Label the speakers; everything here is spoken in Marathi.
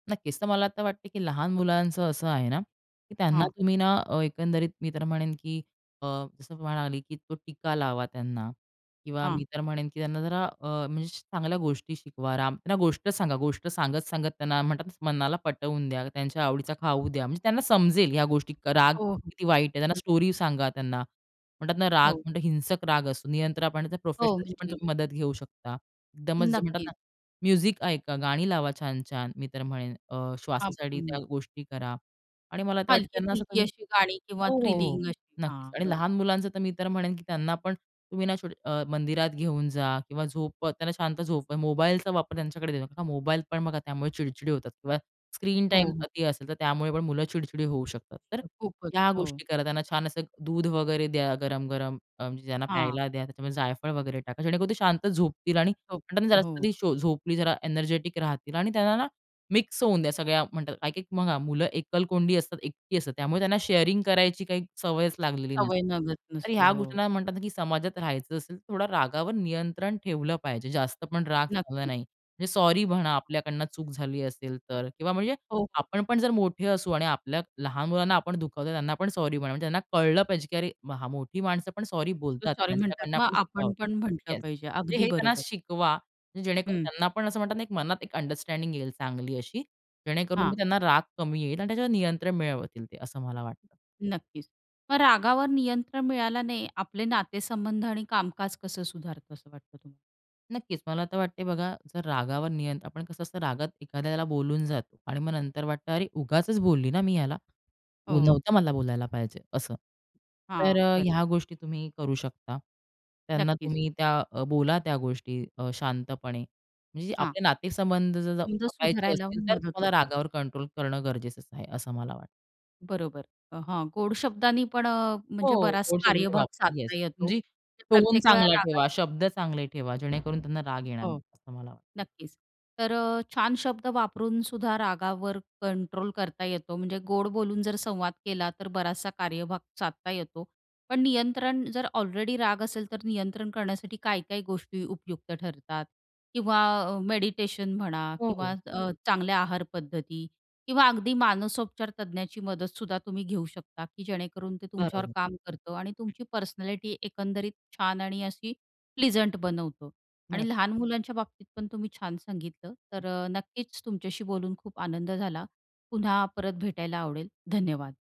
Speaker 1: नक्कीच तर मला तर वाटतंय, की लहान मुलांचं असं आहे ना, की त्यांना
Speaker 2: हां.
Speaker 1: तुम्ही ना अ, एकंदरीत मी तर म्हणेन, की अ, जसं मी म्हणाली, की तो टीका लावा त्यांना किंवा
Speaker 2: हां.
Speaker 1: मी तर म्हणेन, की त्यांना जरा अ, म्हणजे चांगल्या गोष्टी शिकवा. राम त्यांना गोष्ट सांगा. गोष्ट सांगत-सांगत त्यांना म्हणतात मनाला पटवून द्या, त्यांच्या आवडीचा खाऊ द्या, म्हणजे त्यांना समजेल ह्या गोष्टी. क राग
Speaker 2: हो, हो.
Speaker 1: किती वाईट आहे. त्यांना,
Speaker 2: हं.
Speaker 1: स्टोरी सांगा त्यांना. म्हणतात ना राग,
Speaker 2: हो.
Speaker 1: मोठा हिंसक राग असतो. नियंत्रण आपण
Speaker 2: हो,
Speaker 1: प्रोफेशनलची पण
Speaker 2: म्हणजे.
Speaker 1: तुम्ही मदत घेऊ शकता. एकदमच जे म्हणतात
Speaker 2: नक्कीच.
Speaker 1: ना, म्युझिक ऐका, गाणी लावा छान-छान. मी तर म्हणेन अ,
Speaker 2: आप
Speaker 1: श्वासासाठी त्या
Speaker 2: हं.
Speaker 1: गोष्टी करा आणि मला तर वाटतं ना त्यांना असं
Speaker 2: हलकी-फुलकी
Speaker 1: तुम्ही
Speaker 2: अशी गाणी किंवा
Speaker 1: हो, हो, हो,
Speaker 2: थ्रिलिंग अशी
Speaker 1: नक्कीच
Speaker 2: हां.
Speaker 1: आणि
Speaker 2: बरोबर.
Speaker 1: लहान मुलांचं तर मी तर म्हणेन, की त्यांना पण तुम्ही ना [unintelligible] अ, मंदिरात घेऊन जा किंवा झोप त्यांना शांत झोप मोबाईलचा वापर त्यांच्याकडे देऊ नका, मोबाईल पण बघा, त्यामुळे चिडचिडी होतात किंवा स्क्रीन
Speaker 2: हो,
Speaker 1: टाईम
Speaker 2: हो.
Speaker 1: अती असेल, तर त्यामुळे पण मुलं चिडचिडी होऊ शकतात तर
Speaker 2: खूपच.
Speaker 1: ह्या
Speaker 2: हो.
Speaker 1: गोष्टी करा. त्यांना छान असं एक दूध वगैरे द्या, गरम-गरम अ, म्हणजे ज्यांना
Speaker 2: हां.
Speaker 1: प्यायला द्या. त्याच्यामध्ये जायफळ वगैरे टाका, जेणेकरून ते शांत झोपतील आणि म्हणतात ना, जरा
Speaker 2: हो.
Speaker 1: कधी झोपली, जरा एनर्जेटिक राहतील आणि त्यांना ना मिक्स होऊ द्या सगळ्यात. म्हणतात काही-काही बघा, मुलं एकलकोंडी असतात, एकटी असतात, त्यामुळे त्यांना शेअरिंग करायची काही सवयच लागलेली नसते.
Speaker 2: सवय नगद
Speaker 1: तर
Speaker 2: नसते.
Speaker 1: ह्या
Speaker 2: हो.
Speaker 1: गोष्टींना म्हणतात, की समाजात राहायचं असेल, तर थोडा रागावर नियंत्रण ठेवलं पाहिजे, जास्त पण राग चांगला
Speaker 2: नक्की.
Speaker 1: नाही. म्हणजे सॉरी म्हणा, आपल्याकडून चूक झाली असेल तर किंवा म्हणजे
Speaker 2: हो, हो.
Speaker 1: आपण पण जर मोठे असू आणि आपल्या लहान मुलांना आपण दुखावतो, त्यांना पण सॉरी म्हणा, म्हणजे त्यांना कळलं पाहिजे, की अरे हां मोठी माणसं पण सॉरी
Speaker 2: ते
Speaker 1: बोलतात.
Speaker 2: सॉरी म्हणतात
Speaker 1: त्यांच्याकडून
Speaker 2: ना, मग
Speaker 1: पण चुका
Speaker 2: आपण पण
Speaker 1: होतात
Speaker 2: म्हंटलं
Speaker 1: येस,
Speaker 2: पाहिजे. अगदी
Speaker 1: हे त्यांना
Speaker 2: बरोबर.
Speaker 1: शिकवा, जेणेकरून
Speaker 2: हं.
Speaker 1: त्यांना पण असं म्हणतात ना, एक मनात एक अंडरस्टँडिंग येईल चांगली अशी, जेणेकरून, की
Speaker 2: हां.
Speaker 1: त्यांना राग कमी येईल आणि त्याच्यावर नियंत्रण मिळवतील ते असं मला वाटतं.
Speaker 2: नक्कीच, मग रागावर नियंत्रण मिळाल्याने आपले नातेसंबंध आणि कामकाज कसं सुधारतं असं वाटतं तुम्हाला?
Speaker 1: नक्कीच, मला तर वाटतंय बघा, जर रागावर नियंत्रण आपण कसं असतं, रागात एखाद्याला बोलून जातो आणि मग नंतर वाटतं, अरे, उगाचच बोलली ना मी ह्याला. ऊ,
Speaker 2: हो.
Speaker 1: नव्हतं मला बोलायला पाहिजे असं, तर
Speaker 2: हां, बरं.
Speaker 1: ह्या गोष्टी तुम्ही करू शकता. त्यांना
Speaker 2: नक्कीच.
Speaker 1: तुम्ही त्या अ, बोला त्या गोष्टी अ, शांतपणे म्हणजे जे
Speaker 2: हां.
Speaker 1: आपले नातेसंबंध जर
Speaker 2: तुमचं
Speaker 1: जपायचे
Speaker 2: सुधारायला
Speaker 1: असतील, तर
Speaker 2: मदत
Speaker 1: तुम्हाला
Speaker 2: होते.
Speaker 1: रागावर कंट्रोल करणं गरजेचंच आहे असं मला वाटतं.
Speaker 2: बरोबर, अ, हां गोड शब्दानी पण अ, म्हणजे
Speaker 1: हो.
Speaker 2: बराच कार्यभाग
Speaker 1: येस.
Speaker 2: साधता येतो.
Speaker 1: म्हणजे
Speaker 2: ते
Speaker 1: टोन
Speaker 2: प्रत्येक वेळा
Speaker 1: चांगला
Speaker 2: रागात
Speaker 1: ठेवा, शब्द चांगले ठेवा, जेणेकरून त्यांना राग येणार नाही
Speaker 2: हो,
Speaker 1: असं मला वाटतं.
Speaker 2: नक्कीच. तर अ, छान शब्द वापरूनसुद्धा रागावर कंट्रोल करता येतो, म्हणजे गोड बोलून जर संवाद केला, तर बराचसा कार्यभाग साधता येतो. पण नियंत्रण जर ऑलरेडी राग असेल, तर नियंत्रण करण्यासाठी काय-काय गोष्टी उपयुक्त ठरतात? किंवा अ, मेडिटेशन म्हणा
Speaker 1: हो,
Speaker 2: किंवा
Speaker 1: हो.
Speaker 2: अ, चांगल्या आहारपद्धती किंवा अगदी मानसोपचार तज्ज्ञाची मदतसुद्धा तुम्ही घेऊ शकता, की जेणेकरून ते तुमच्यावर
Speaker 1: बरोबर.
Speaker 2: काम करतं आणि
Speaker 1: हं.
Speaker 2: तुमची पर्सनॅलिटी एकंदरीत छान आणि अशी प्लीझंट बनवतो
Speaker 1: बरं.
Speaker 2: आणि लहान मुलांच्या बाबतीत पण तुम्ही छान सांगितलं. तर अ, नक्कीच तुमच्याशी बोलून खूप आनंद झाला. पुन्हा परत भेटायला आवडेल. धन्यवाद.